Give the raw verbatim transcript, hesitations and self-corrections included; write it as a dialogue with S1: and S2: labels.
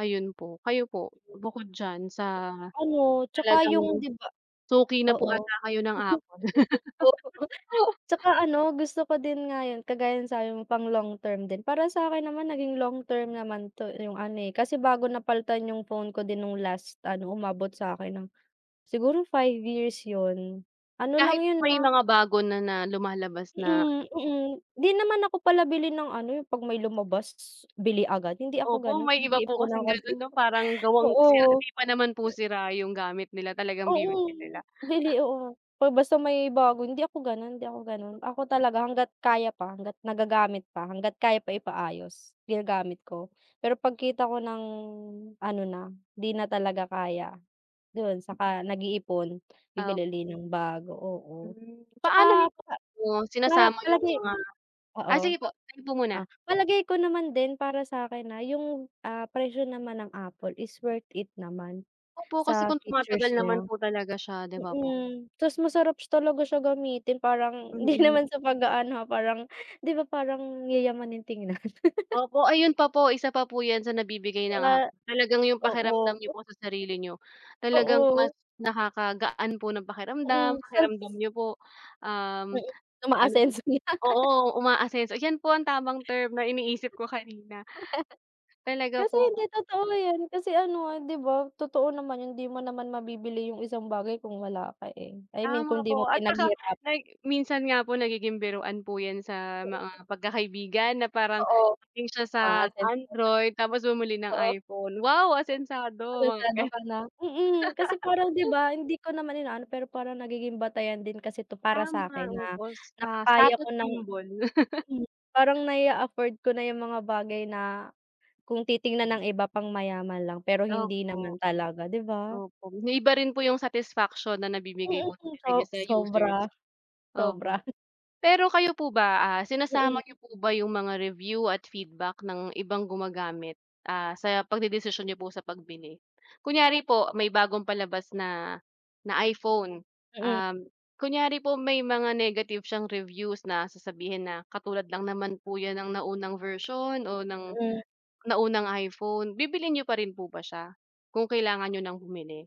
S1: Ayun po. Kayo po? bukod diyan sa
S2: Ano 'tsaka yung
S1: talagang
S2: 'di ba
S1: suki na po
S2: oo.
S1: ata kayo ng Apple.
S2: 'Tsaka ano gusto ko din nga yun, kagaya nung sabi mo long term din, para sa akin naman naging long term naman 'to yung ano kasi bago napaltan yung phone ko din nung last ano, umabot sa akin ng siguro five years yun, ano lang
S1: Kahit
S2: yun,
S1: may
S2: ah
S1: mga bago na na lumalabas na
S2: Mm, mm. 'Di naman ako pala bili ng ano yung pag may lumabas, bili agad. Hindi ako
S1: Opo,
S2: ganun
S1: may iba po
S2: pinag-iipunan
S1: kasing ganun 'no parang
S2: [unintelligible]
S1: gawang [unintelligible]
S2: oo.
S1: hindi pa naman po sira yung gamit nila talagang
S2: Oo,
S1: [unintelligible]
S2: bili. Oo, ba basta may bago hindi ako gano'n, hindi ako gano'n. Ako talaga hangga't kaya pa, hangga't nagagamit pa, hangga't kaya pa ipaayos ginagamit ko, pero pagkita ko ng ano na, 'di na talaga kaya do'n, 'saka nag-iipon bibili
S1: Opo
S2: uli ng bago. Oo,
S1: Mm, paano
S2: 'tsaka
S1: niyo po
S2: pa
S1: [unintelligible]
S2: para
S1: sinasama yung
S2: palagi
S1: mga ah,
S2: oo.
S1: sige po, kayo po muna.
S2: Ah, palagay ko naman din para sakin na yung, ah, presyo naman ng Apple is worth it naman
S1: Opo kasi
S2: sa
S1: kung
S2: features
S1: tumatagal
S2: nya.
S1: naman po talaga siya di ba po?
S2: Mm, 'tas masarap talaga siya gamitin parang hindi
S1: Mm.
S2: naman sa pag-aano, ah, parang 'di ba, parang yayamanin tignan?
S1: Opo, ayun pa po, isa pa po yun sa nagbibigay ng
S2: Ah,
S1: talagang yung pakiramdam niyo
S2: oo.
S1: po sa sarili niyo, talagang
S2: Oo.
S1: mas nakakagaan po ng pakiramdam,
S2: Mm. [unintelligible]
S1: pakiramdam niyo po, um,
S2: Mm,
S1: ano
S2: umaasenso na.
S1: oo umaasenso yan po ang tamang term na iniisip ko kanina. Talaga
S2: Kasi, hindi
S1: po.
S2: totoo 'yan, kasi ano nga, 'di ba, totoo naman yung 'di mo naman mabibili yung isang bagay kung wala ka, eh. I mean
S1: Tama
S2: kung 'di mo
S1: po, at saka
S2: pinaghirapan.
S1: pag minsan nga po nagiging biruan po yan sa
S2: [unintelligible]
S1: mga pagkakaibigan na parang
S2: Oo,
S1: galing siya sa
S2: aasenso ka na.
S1: Android tapos bumili ng
S2: Oo.
S1: iPhone, "Wow, asensado", mga
S2: Asensado
S1: gan
S2: ka na. Mm, kasi parang, 'di ba hindi ko naman inaano pero parang nagiging batayan din kasi 'to para
S1: Tama
S2: sakin, ah,
S1: [unintelligible]
S2: na
S1: ah,
S2: nakakaya ko
S1: status
S2: ng
S1: symbol.
S2: parang nai-a-afford ko na yung mga bagay na kung titignan ng iba pang mayaman lang pero hindi
S1: Opo.
S2: naman talaga, 'di ba?
S1: Opo, iba rin po yung satisfaction na nabibigay
S2: Mm,
S1: po talaga niya
S2: so
S1: sa users.
S2: sobra
S1: Opo,
S2: sobra.
S1: pero kayo po ba, ah, sinasama
S2: Mm.
S1: n'yo po ba yung mga review at feedback ng ibang gumagamit, ah, sa pagdedesisyon n'yo po sa pagbili? Kunyari po may bagong palabas na, na iPhone,
S2: Mm.
S1: um, kunyari po may mga negative siyang reviews na sasabihin, na "Katulad lang naman po yan ng naunang version o ng, naunang iPhone." Bibilhin n'yo pa rin po ba siya kung kailangan niyo ng bumili?